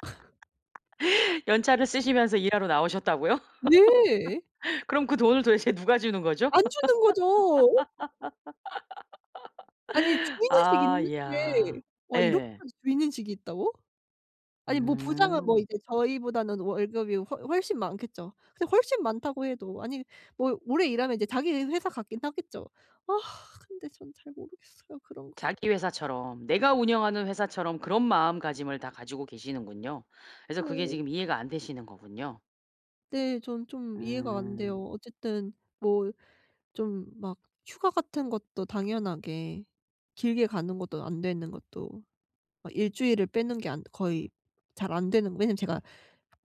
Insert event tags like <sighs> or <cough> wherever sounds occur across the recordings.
<laughs> 연차를 쓰시면서 일하러 나오셨다고요? 네. <laughs> 그럼 그 돈을 도대체 누가 주는 거죠? 안 주는 거죠. 아니 <laughs> 주인의식이 아 있는 이야. 게 와 예. 이렇게까지 주인의식이 있다고? 아니 뭐 부장은 뭐 음. 이제 저희보다는 월급이 훨 훨씬 많겠죠. 근데 훨씬 많다고 해도 아니 뭐 오래 일하면 이제 자기 회사 같긴 하겠죠. 아 근데 전 잘 모르겠어요 그런 거. 자기 회사처럼 내가 운영하는 회사처럼 그런 마음가짐을 다 가지고 계시는군요. 그래서 그게 네. 지금 이해가 안 되시는 거군요? 네. 저는 좀 이해가 안 음. 돼요. 어쨌든 뭐 좀 막 휴가 같은 것도 당연하게 길게 가는 것도 안 되는 것도 막 1 주일을 빼는 게 안 거의 잘 안 되는 왜냐하면 제가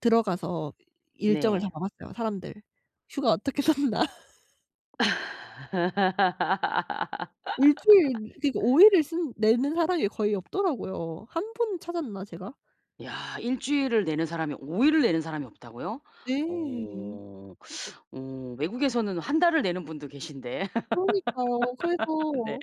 들어가서 일정을 다 네. 봐 봤어요. 사람들 휴가 어떻게 썼나. 1 주일 그러니까 5 <laughs> 일을 쓰는 내는 사람이 거의 없더라고요. 한 분 찾았나 제가? 야. 1 주일을 내는 사람이 5 일을 내는 사람이 없다고요? 네. 어. 어 외국에서는 1 달을 내는 분도 계신데. 그러니까요. <laughs> 네. 그래서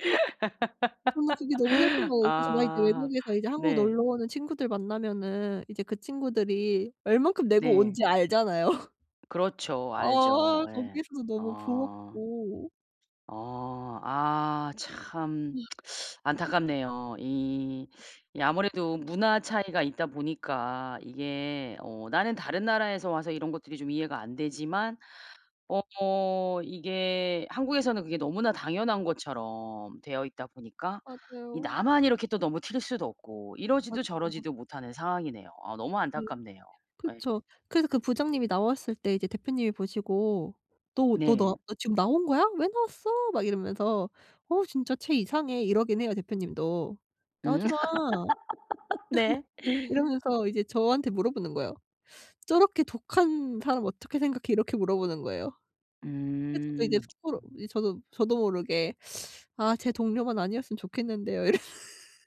저는 그게 너무 슬픈 거예요. 그래서 막 이제 아 외국에서 이제 한국 네. 놀러 오는 친구들 만나면은 이제 그 친구들이 얼마큼 내고 온 네. 지 알잖아요. 그렇죠. 알죠. 아아 예. 거기에서도 너무 어. 부럽고. 어. 아. 참 <sighs> <tsk> 안타깝네요. 이 이 아무래도 문화 차이가 있다 보니까 이게 어 나는 다른 나라에서 와서 이런 것들이 좀 이해가 안 되지만 어 이게 한국에서는 그게 너무나 당연한 것처럼 되어 있다 보니까 이 맞아요. 나만 이렇게 또 너무 튈 수도 없고 이러지도 맞아요. 맞 저러지도 못하는 상황이네요. 어 너무 네. 안타깝네요. 예. 그쵸. 그래서 그 부장님이 나왔을 때 이제 대표님이 보시고 "너 너 너 네. 너 지금 나온 거야? 왜 나왔어?" 막 이러면서 "어 진짜 쟤 이상해." 이러긴 해요 대표님도. 음. "나오지 마." <laughs> <laughs> 네. 이러면서 이제 저한테 물어보는 거예요. "저렇게 독한 사람 어떻게 생각해?" 이렇게 물어보는 거예요. 그죠. 저 이제 음. 속으로 이 저도 저도 모르게 "아 제 동료만 아니었으면 좋겠는데요." 이랬 <laughs>